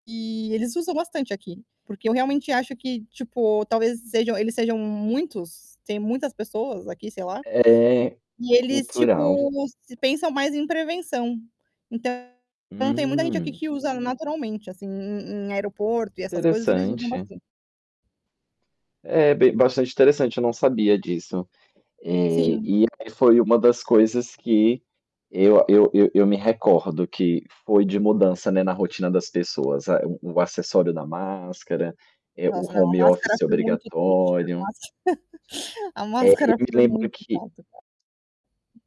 E eles usam bastante aqui, porque eu realmente acho que, tipo, talvez sejam eles sejam muitos, têm muitas pessoas aqui, sei lá, É, e eles, cultural. tipo, se pensam mais em prevenção. Então, tem muita gente aqui Hum. que usa naturalmente, assim, em em aeroporto e essas coisas, eles usam Interessante. bastante. É, bem bastante interessante, eu não sabia disso. Eh, Sim. e aí, foi uma das coisas que eu a eu eu eu me recordo, que foi de mudança, né, na rotina das pessoas: a o acessório da máscara, eh, o Nossa, não. A home máscara office foi muito triste. A obrigatório. máscara a É, eu máscara me foi lembro muito que chato usar.